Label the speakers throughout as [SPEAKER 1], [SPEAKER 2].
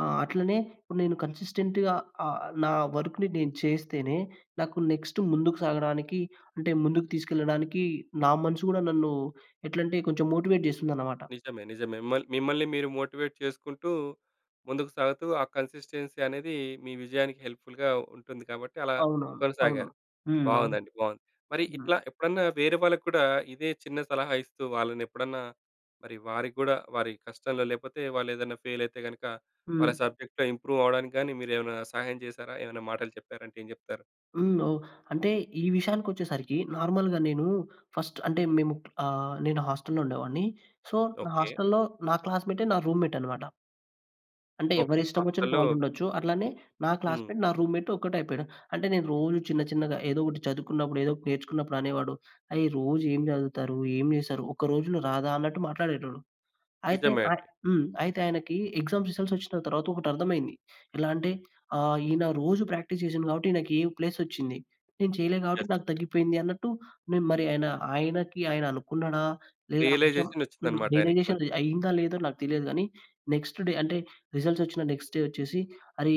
[SPEAKER 1] ఆ! అట్లనే ఇప్పుడు నేను కన్సిస్టెంట్‌గా ఆహ్, నా వర్క్‌ని నేను చేస్తేనే నాకు నెక్స్ట్ ముందుకు సాగడానికి అంటే ముందుకు తీసుకెళ్లడానికి, నా మనసు కూడా నన్ను ఎట్లాంటే కొంచెం మోటివేట్ చేస్తుందన్నమాట.
[SPEAKER 2] నిజమే. నిజమే. మళ్ మిమ్మల్ని మీరు మోటివేట్ చేసుకుంటూ, ముందుకు సాగుతూ, ఆ కన్సిస్‌టెన్సీ అనేది మీ విజయానికి హెల్ప్ ఫుల్‌గా ఉంటుంది కాబట్టి అలా
[SPEAKER 1] అవునవును. అవును.
[SPEAKER 2] కొనసాగారు.
[SPEAKER 1] హ్మ్. అవును.
[SPEAKER 2] బాగుందండి. బాగుంది. మరి
[SPEAKER 1] హ్మ్.
[SPEAKER 2] ఇట్లా ఎప్పుడన్నా వేరే వాళ్ళకూడా ఇదే చిన్న సలహా ఇస్తూ వాళ్ళనేప్పుడన్నా, మరి వారికి కూడా వారి కష్టంలో లేపోతే వాళ్ళు ఏదైనా ఫెయిల్ అయితే గనుక వాళ్ళ
[SPEAKER 1] హ్మ్.
[SPEAKER 2] సబ్జెక్ట్‌లో ఇంప్రూవ్ అవ్వడానికి గాని మీరేమైనా సహాయం చేసారా? ఏమన్నా మాటలు చెప్పారంటే ఏం చెప్తారు?
[SPEAKER 1] హ్మ్. ఓహ్! అంటే ఈ విషయానికొచ్చేసరికి నార్మల్‌గా నేను ఫస్ట్ అంటే మేము ఆహ్, నేను హాస్టల్‌లో ఉండేవాడిని. సో నా
[SPEAKER 2] ఓకే.
[SPEAKER 1] హాస్టల్‌లో, నా క్లాస్‌మేటే నా రూమ్‌మేట్ అన్నమాట. అంటే
[SPEAKER 2] ఓకే.
[SPEAKER 1] ఎవరిష్టంవొచినట్టు
[SPEAKER 2] హాస్టల్‌లో
[SPEAKER 1] వాళ్ళుండొచ్చు. అట్లానే నా
[SPEAKER 2] హ్మ్.
[SPEAKER 1] క్లాస్‌మేట్ నా రూమ్‌మేట్ ఒకటైపోయాడు. అంటే నేను రోజు చిన్న చిన్నగా ఏదో ఒకటి చదువుకున్నప్పుడు ఏదో ఒకటి నేర్చుకున్నప్పుడు అనేవాడు. "అయ్! రోజు ఏం చదువుతారు? ఏం చేస్తారు? ఒక్క రోజులో రాదా" అన్నట్టు మాట్లాడేటోడు. అయితే
[SPEAKER 2] నిజమే
[SPEAKER 1] అయి
[SPEAKER 2] అండి.
[SPEAKER 1] హ్మ్. అయితే ఆయనకి ఎగ్జామ్స్ రిజల్ట్స్ ఒచ్చిన తర్వాత ఒకటర్థమైంది. ఎలా అంటే ఆహ్, ఈయన రోజు ప్రాక్టీస్ చేసాను కాబట్టి ఈయనికి ఏ ప్లేసొచ్చింది. నేను చేయలే కాబట్టి
[SPEAKER 2] యెస్.
[SPEAKER 1] నాకు తగ్గిపోయింది అన్నట్టు నేను మరి ఆయన ఆయనకి ఆయన అనుకున్నాడా? లేదా? అని చెప్పి
[SPEAKER 2] రియలైజేషన్
[SPEAKER 1] హ్మ్.
[SPEAKER 2] వచ్చిందన్నమాట. ఆయనకి
[SPEAKER 1] రియలైజేషన్
[SPEAKER 2] కొంచెం.
[SPEAKER 1] అయిందా, లేదో నాకు తెలియదు కానీ, నెక్స్ట్ డే అంటే రిజల్ట్స్ వచ్చిన నెక్స్ట్ డే ఒచ్చేసి "అరే!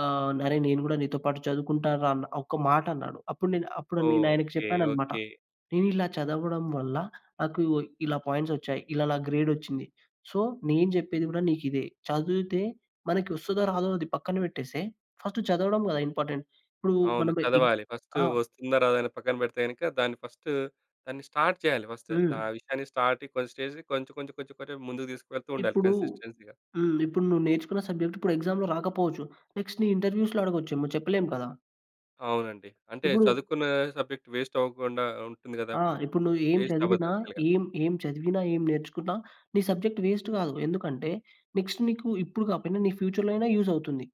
[SPEAKER 1] ఆహ్, అరే నేను కూడా నీతో పాటు చదువుకుంటానుర" అని ఒక మాటన్నాడు. అప్పుడు నే అప్పుడు నేను ఆయనకు
[SPEAKER 2] ఓకే.
[SPEAKER 1] చెప్పానన్నమాట.
[SPEAKER 2] ఓకే.
[SPEAKER 1] నేను ఇలా చదవడం వల్ల నాకు ఇలా పాయింట్స్ ఒచ్చాయి. ఇలా నాకు గ్రేడొచ్చింది. సో నేను చెప్పేది గూడా నీకిదే. చదువుతే మనకి వస్తాదో రాదో అది పక్కన పెట్టేస్తే, ఫస్ట్ చదవడం కదా! ఇంపార్టెంట్. ఇప్పుడు
[SPEAKER 2] అవును.
[SPEAKER 1] మనం ఇ
[SPEAKER 2] చదవాలి. ఫస్ట్
[SPEAKER 1] ఆ!
[SPEAKER 2] వస్తుందో రాదో అని పక్కన పెడితే గనుక దాన్ని ఫస్ట్ దాన్ని స్టార్ట్ చేయాలి, ఫస్ట్
[SPEAKER 1] హ్మ్.
[SPEAKER 2] ఆ విషయాన్ని స్టార్ట్ కొంచెం స్టేజ్ కొంచెం కొంచెం కొంచెం ముందుకు తీసుకెళ్తూ ఉండాలి
[SPEAKER 1] ఇప్పుడు
[SPEAKER 2] కన్సిస్టెన్సీ‌గా.
[SPEAKER 1] హ్మ్. ఇప్పుడు నువ్వు నేర్చుకున్న సబ్జెక్ట్ ఇప్పుడు ఎక్సామ్‌లో రాకపోవచ్చు. నెక్స్ట్ నీ ఇంటర్‌వ్యూస్‌లో‌ అడగచ్చేమో చెప్పలేం కదా!
[SPEAKER 2] అవునండి. అంటే
[SPEAKER 1] ఇప్పుడు
[SPEAKER 2] చదువుకున్న సబ్జెక్ట్ వేస్ట్ అవ్వకుండా ఉంటుంది కదా!
[SPEAKER 1] ఆ!
[SPEAKER 2] అప్పుడు
[SPEAKER 1] ఇప్పుడు నువ్వు ఏం
[SPEAKER 2] వేస్ట్ అవ్వదు
[SPEAKER 1] చదివినా,
[SPEAKER 2] యాక్చువల్‌గా.
[SPEAKER 1] ఏం ఏం చదివినా, ఏం నేర్చుకున్నా, నీ సబ్జెక్ట్ వేస్ట్ కాదు. ఎందుకంటే నెక్స్ట్ నీకు ఇప్పుడు కాపోయినా నీ ఫ్యూచర్‌లో అయినా యూజ్ అవుతుంది.